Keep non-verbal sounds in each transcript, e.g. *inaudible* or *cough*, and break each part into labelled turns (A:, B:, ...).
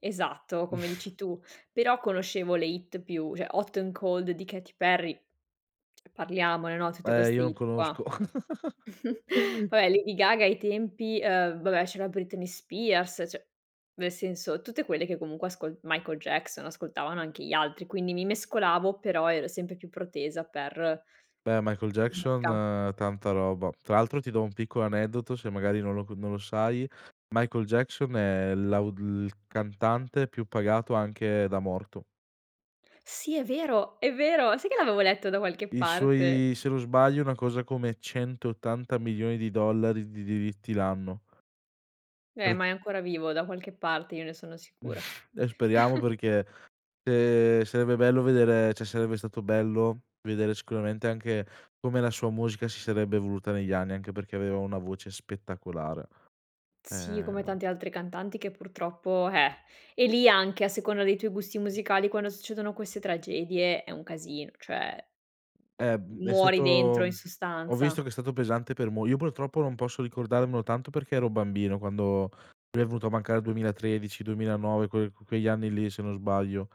A: Esatto, come
B: *snorts*
A: dici tu. Però conoscevo le hit più cioè, Hot n'Cold di Katy Perry, parliamone, no, tutte
B: Eh,
A: queste
B: io non
A: hit qua.
B: conosco. *chuckles*
A: *chuckles* Va beh, Lady Gaga ai tempi. uhm, va beh, c'era Britney Spears; cioè, nel senso, tutte quelle che comunque ascol Michael Jackson, ascoltavano anche gli altri, quindi mi mescolavo però ero sempre più protesa per
B: Eh, Michael Jackson
A: *unintelligible*
B: tanta roba. Tra l'altro ti do un piccolo aneddoto se magari non lo co non lo sai. Michael Jackson è l'au il cantante più pagato anche da morto.
A: Sì, è vero, è vero. Sai che l'avevo letto da qualche
B: I
A: parte.
B: suoi se non sbaglio, una cosa come $180000000 di diritti l'anno.
A: Eh, ma
B: Certo.
A: è ancora vivo da qualche parte, io ne sono sicura.
B: *snorts* Eh, speriamo
A: *chuckles*
B: perché, uhm, sarebbe bello vedere cioè sarebbe stato bello vedere sicuramente anche come la sua musica si sarebbe evoluta negli anni, anche perché aveva una voce spettacolare.
A: Sì, come
B: Ehm
A: tante altre cantanti che purtroppo, eh; e lì anche a seconda dei tuoi gusti
B: Mh.
A: musicali quando succedono queste tragedie è un casino, cioè,
B: Eh,
A: m
B: uhm, è
A: muori dentro in
B: stato ho
A: sostanza.
B: visto che è stato pesante per mol io purtroppo non posso ricordarmelo tanto perché ero bambino quando lui è venuto a mancare il 2013, 2009, quel que quegli anni lì se non sbaglio.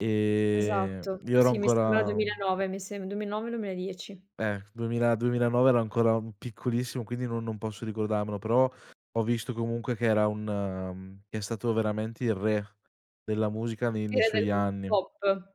B: Ehm,
A: Esatto.
B: io ero
A: Sì, mi sembra
B: ancora un
A: 2009, mi sem 2009 2010.
B: Eh, duemila duemilanove ero ancora un piccolissimo quindi no non posso ricordarmelo; però, ho visto comunque che era un mhmm, che è stato veramente il re della musica ne
A: Il
B: nei
A: re del
B: suoi
A: t
B: anni.
A: pop.